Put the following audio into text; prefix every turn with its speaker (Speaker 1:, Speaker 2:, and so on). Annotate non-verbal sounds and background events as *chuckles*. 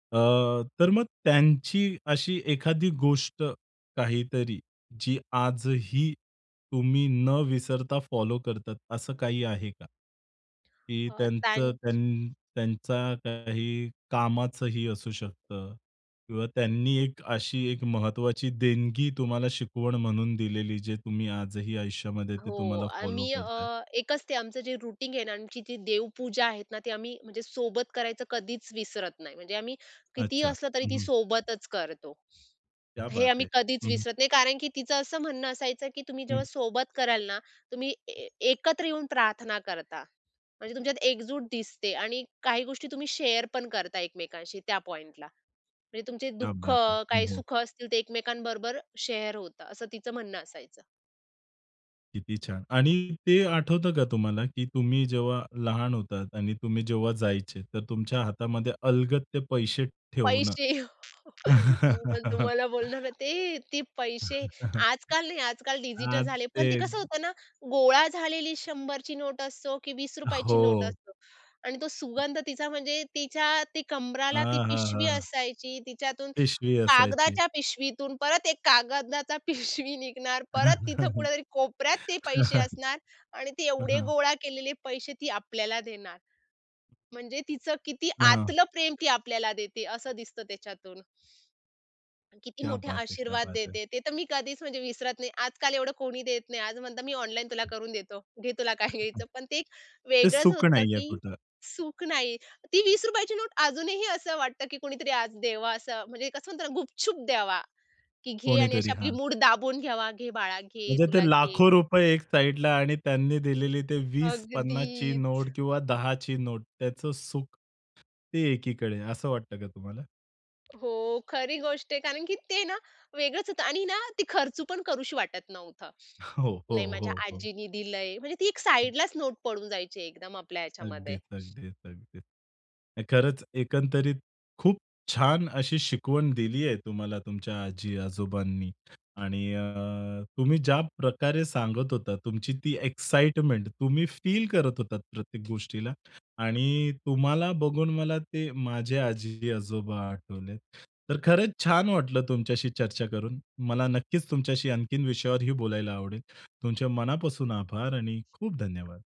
Speaker 1: अ, तर मग त्यांची अशी एखादी गोष्ट काहीतरी जी आजही तुम्ही न विसरता फॉलो करतात असं काही आहे का? की
Speaker 2: अ,
Speaker 1: त्यांचं
Speaker 2: त्यांच
Speaker 1: त्यां त्यांचा काही कामाचंही असू शकतं किंवा त्यांनी एक अशी एक महत्वाची देणगी तुम्हाला शिकवण म्हणून दिलेली जे तुम्ही आजही आयुष्यामध्ये ते
Speaker 2: हो,
Speaker 1: तुम्हाला फॉलो
Speaker 2: आम्ही
Speaker 1: करताहेत?
Speaker 2: अ, एकच ते आमचं जे रुटीन आहे ना. आमची ती देवपूजा आहेत ना, ते आम्ही म्हणजे सोबत करायचं कधीच विसरत नाही. म्हणजे आम्ही कितीही
Speaker 1: अच्छा.
Speaker 2: असलं तरी
Speaker 1: हं,
Speaker 2: ती
Speaker 1: हं.
Speaker 2: सोबतच करतो.
Speaker 1: क्या
Speaker 2: हे
Speaker 1: बात है!
Speaker 2: आम्ही कधीच
Speaker 1: हं, हं.
Speaker 2: विसरत नाही, कारण की तिचं असं म्हणणं असायचं की तुम्ही
Speaker 1: हं.
Speaker 2: जेव्हा सोबत कराल ना, तुम्ही ए एकत्र येऊन प्रार्थना करता. म्हणजे तुमच्यात एकजूट दिसते आणि काही गोष्टी तुम्ही शेअर पण करता एकमेकांशी त्या पॉइंटला. म्हणजे तुमचे
Speaker 1: क्या
Speaker 2: दुःख,
Speaker 1: बात है!
Speaker 2: काही
Speaker 1: हो, हो.
Speaker 2: सुख असतील ते एकमेकांबरोबर शेअर होतात असं तिचं म्हणणं असायचं.
Speaker 1: किती छान. आणि ते आठवतं का तुम्हाला, की तुम्ही जेव्हा लहान होतात आणि तुम्ही जेव्हा जायचे तर तुमच्या हातामध्ये अलगत ते पैसे ठेवणं?
Speaker 2: पैसे, *chuckles* मी तर
Speaker 1: *chuckles*
Speaker 2: तुम्हाला बोलणार होते ते पैसे.
Speaker 1: *chuckles*
Speaker 2: आजकाल नाही, आजकाल डिजिटल
Speaker 1: आज
Speaker 2: झाले पण ते
Speaker 1: ते
Speaker 2: कसं होतं ना, गोळा झालेली 100 ची नोट असो की ₹20 ची नोट
Speaker 1: हो.
Speaker 2: असो अन् तो सुगंध तिचा. म्हणजे तिच्या ती कंबराला ती पिशवी
Speaker 1: अहाहाहा!
Speaker 2: असायची. तिच्यातून
Speaker 1: पिशवी असायची.
Speaker 2: कागदाच्या पिशवीतून परत एक कागदाचा पिशवी निघणार. परत तिथं कुठेतरी कोपऱ्यात ते पैसे
Speaker 1: *chuckles*
Speaker 2: असणार आणि ते
Speaker 1: हां,
Speaker 2: एवढे
Speaker 1: हां.
Speaker 2: गोळा केलेले पैसे, ती आपल्याला देणार. म्हणजे तिचं किती
Speaker 1: हां, हां.
Speaker 2: आतलं प्रेम ती आपल्याला देते असं दिसतं त्याच्यातून. किती
Speaker 1: क्या
Speaker 2: मोठे
Speaker 1: बात है! क्या
Speaker 2: आशीर्वाद
Speaker 1: बात है!
Speaker 2: देते. ते तर मी कधीच म्हणजे विसरत नाही. आजकाल एवढं कोणी देत नाही. आज म्हणतात मी ऑनलाईन तुला करून देतो. घे तुला काय
Speaker 1: अगदी.
Speaker 2: घ्यायचं. पण ते एक
Speaker 1: ते
Speaker 2: वेगळंच
Speaker 1: सुख
Speaker 2: होतं
Speaker 1: नाहीये
Speaker 2: की
Speaker 1: कुठं.
Speaker 2: सुख नाही. ती ₹20 ची नोट अजूनही असं वाटतं, की कोणीतरी आज द्यावा असं म्हणजे कसं म्हणता ना, गुपचुप द्यावा, की "घे." आणि अशी
Speaker 1: कोणीतरी,
Speaker 2: आपली
Speaker 1: हां.
Speaker 2: मूठ दाबून घ्यावा, "घे बाळा, घे
Speaker 1: म्हणजे ते
Speaker 2: तुला घे."
Speaker 1: लाखो रुपये एक साइडला आणि त्यांनी दिलेली ते 20-50 ची
Speaker 2: अगदीच.
Speaker 1: नोट किंवा 10 ची नोट त्याचं सुख ते एकीकडे असं वाटतं का तुम्हाला?
Speaker 2: हो, खरी गोष्ट आहे. कारण की ते ना, वेगळंच होतं आणि ना ती खर्च पण करावीशी वाटत नव्हतं.
Speaker 1: *chuckles* हो, हो,
Speaker 2: नाही माझ्या
Speaker 1: हो, हो.
Speaker 2: आजीनी दिलंय. म्हणजे ती एक
Speaker 1: हं.
Speaker 2: साइडलाच नोट पडून जायची एकदम आपल्या ह्याच्यामध्ये.
Speaker 1: अगदीच, अगदीच, अगदीच. नाही खरंच एकंदरीत खूप छान अशी शिकवण दिली आहे तुम्हाला तुमच्या आजी-आजोबांनी आणि अ, तुम्ही ज्या प्रकारे सांगत होतात, तुमची ती एक्साईटमेंट तुम्ही फील करत होतात प्रत्येक गोष्टीला आणि तुम्हाला बघून मला ते माझे आजी-आजोबा आठवले. तर खरंच छान वाटलं तुमच्याशी चर्चा करून. मला नक्कीच तुमच्याशी आणखीन विषयावरही बोलायला आवडेल. तुमचे मनापासून आभार आणि खूप धन्यवाद.